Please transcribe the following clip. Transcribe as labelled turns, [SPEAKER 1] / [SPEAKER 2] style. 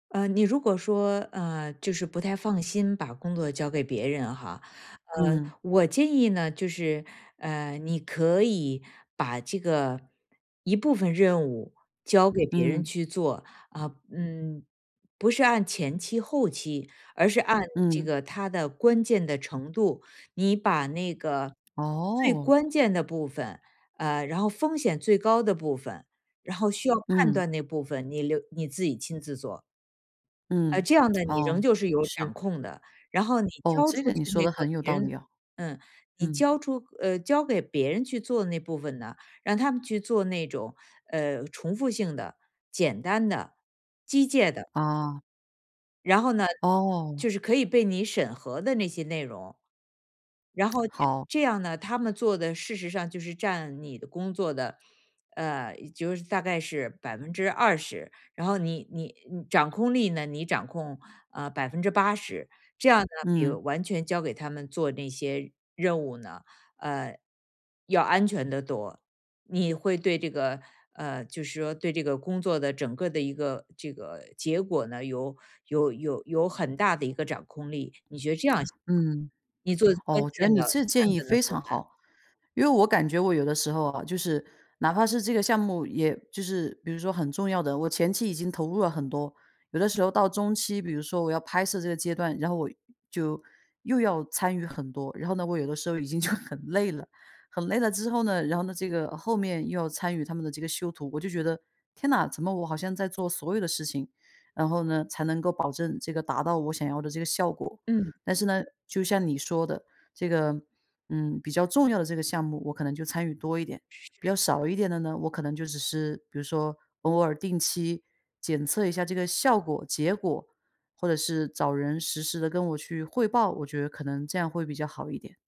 [SPEAKER 1] 呃，你如果说，呃，就是不太放心把工作交给别人哈，呃，
[SPEAKER 2] 嗯。
[SPEAKER 1] 我建议呢，就是，呃，你可以把这个一部分任务交给别人
[SPEAKER 2] 嗯。
[SPEAKER 1] 去做，啊，嗯，不是按前期、后期，而是按这
[SPEAKER 2] 嗯。
[SPEAKER 1] 个它的关键的程度。你把那个最
[SPEAKER 2] 哦。
[SPEAKER 1] 关键的部分，呃，然后风险最高的部分，然后需要判
[SPEAKER 2] 嗯。
[SPEAKER 1] 断那部分，你留你自己亲自做。呃，
[SPEAKER 2] 嗯，
[SPEAKER 1] 这样 呢，你仍
[SPEAKER 2] 哦，
[SPEAKER 1] 旧是有掌
[SPEAKER 2] 是。
[SPEAKER 1] 控的，然后你
[SPEAKER 2] 哦，
[SPEAKER 1] 交
[SPEAKER 2] 这
[SPEAKER 1] 出
[SPEAKER 2] 个
[SPEAKER 1] 去
[SPEAKER 2] 你说
[SPEAKER 1] 那
[SPEAKER 2] 得
[SPEAKER 1] 个
[SPEAKER 2] 很有
[SPEAKER 1] 别
[SPEAKER 2] 道理
[SPEAKER 1] 人
[SPEAKER 2] 哦，
[SPEAKER 1] 嗯，你
[SPEAKER 2] 嗯。
[SPEAKER 1] 交出呃，交给别人去做的那部分呢，让他们去做那种，呃，重复性的、简单的、机械的。
[SPEAKER 2] 哦。
[SPEAKER 1] 然后呢，就
[SPEAKER 2] 哦。
[SPEAKER 1] 是可以被你审核的那些内容。然 后这
[SPEAKER 2] 好。
[SPEAKER 1] 这样呢，他们做的事实上就是占你的工作的，呃，就是大概是20%，然后你你你掌控力呢，你掌控，啊，80%，这样呢，比
[SPEAKER 2] 嗯。
[SPEAKER 1] 完全交给他们做那些任务呢，呃，要安全得多，你会对这个呃，就是说对这个工作的整个的一个这个结果呢，有有有有很大的一个掌控力。你觉得这样行 吗？
[SPEAKER 2] 嗯，
[SPEAKER 1] 你做
[SPEAKER 2] 哦，
[SPEAKER 1] 关
[SPEAKER 2] 我觉得
[SPEAKER 1] 键
[SPEAKER 2] 你
[SPEAKER 1] 的、
[SPEAKER 2] 这个建
[SPEAKER 1] 判
[SPEAKER 2] 议
[SPEAKER 1] 断的
[SPEAKER 2] 非
[SPEAKER 1] 部
[SPEAKER 2] 常
[SPEAKER 1] 分。
[SPEAKER 2] 好。因为我感觉我有的时候啊，就是哪怕是这个项目，也就是比如说很重要的，我前期已经投入了很多。有的时候到中期，比如说我要拍摄这个阶段，然后我就又要参与很多。然后呢，我有的时候已经就很累了，很累了之后呢，然后呢，这个后面又要参与他们的这个修图，我就觉得：“天呐，怎么我好像在做所有的事情，然后呢，才能够保证这个达到我想要的这个效果。”
[SPEAKER 1] 嗯。
[SPEAKER 2] 但是呢，就像你说的，这个，嗯，比较重要的这个项目，我可能就参与多一点。比
[SPEAKER 1] 是。
[SPEAKER 2] 较少一点的呢，我可能就只是，比如说偶尔定期检测一下这个效果、结果，或者是找人实时地跟我去汇报，我觉得可能这样会比较好一点。